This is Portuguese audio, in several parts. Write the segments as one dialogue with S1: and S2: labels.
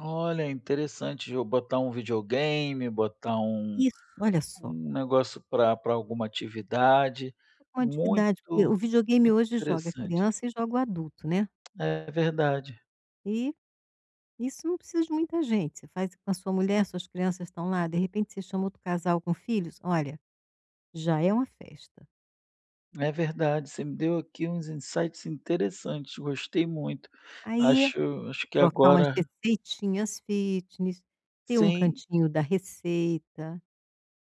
S1: Olha, é interessante, de eu botar um videogame, botar um
S2: Isso, olha só.
S1: um negócio pra pra alguma atividade.
S2: Com a
S1: Muito
S2: atividade fí o videogame
S1: muito
S2: hoje joga
S1: interessante.
S2: criança e joga o adulto, né.
S1: É, verdade.
S2: E isso não precisa de muita gente, você faz com a sua mulher, suas crianças estão lá, de repente você chama outro casal com filhos. Olha, já é uma festa.
S1: É verdade, você me deu aqui uns insights interessantes, gostei muito.
S2: Aí
S1: Acho acho que
S2: trocar umas
S1: agora
S2: receitinhas fitness, ter um
S1: Sim.
S2: cantinho da receita,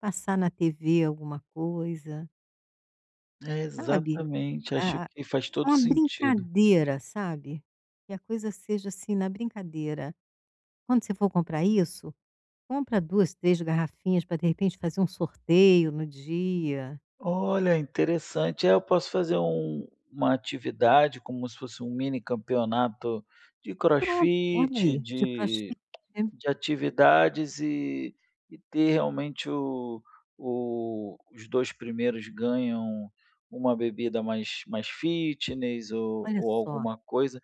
S2: passar na TV alguma coisa
S1: É,
S2: sabe.
S1: exatamente. Acho
S2: A
S1: que faz
S2: a
S1: todo
S2: uma
S1: sentido.
S2: brincadeira, sabe, que a coisa seja, assim, na brincadeira. Quando você for comprar isso, compra 2, 3 garrafinhas pra, de repente, fazer um sorteio no dia.
S1: Olha, interessante. É, eu posso fazer um uma atividade como se fosse um mini campeonato de
S2: Pronto, olha
S1: crossfit,
S2: aí, de crossfit.
S1: de de atividades e e ter, realmente, o o os 2 primeiros ganham uma bebida mais mais fitness ou
S2: Olha
S1: ou
S2: só.
S1: alguma coisa.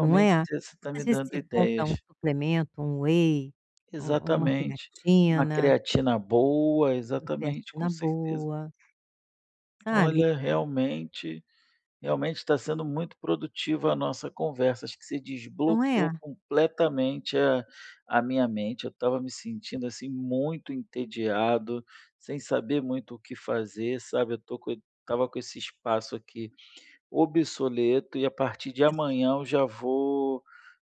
S2: Não é?
S1: você você tá
S2: Às
S1: me
S2: vezes
S1: dando
S2: você compra
S1: ideias.
S2: um suplemento, um whey, um uma
S1: Exatamente. Uma
S2: creatina
S1: creatina boa,
S2: uma
S1: exatamente, com
S2: creatina
S1: certeza.
S2: boa. Sabe?
S1: Olha, realmente realmente tá sendo muito produtiva a nossa conversa, acho que você
S2: Não
S1: desbloqueou
S2: é?
S1: completamente a a minha mente, eu estava me sentindo, assim, muito entediado, sem saber muito o que fazer, sabe, eu tô com o estava com esse espaço aqui obsoleto, e a partir de
S2: Isso.
S1: amanhã eu já vou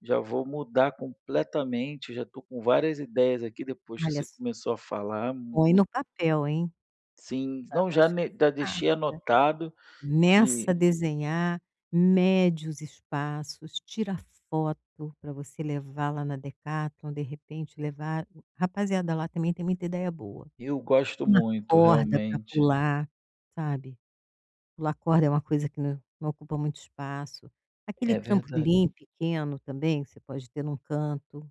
S1: já vou mudar completamente. Eu já tô com várias ideias aqui, depois que
S2: Olha
S1: você
S2: só
S1: começou a falar, m
S2: põe
S1: mui
S2: no papel hein,
S1: Sim.
S2: pra
S1: Não,
S2: não
S1: já ne
S2: esquecer
S1: já deixei
S2: rápido.
S1: anotado
S2: Meça a
S1: e
S2: desenhar, mede os espaços, tira foto pra você levar lá na Decathlon, de repente levar rapaziada lá também tem muita ideia boa.
S1: Eu gosto
S2: Uma
S1: muito,
S2: corda pra
S1: realmente.
S2: pular, sabe, pular corda é uma coisa que não não ocupa muito espaço. Aquele
S1: É verdade.
S2: trampolim pequeno também, você pode ter num canto.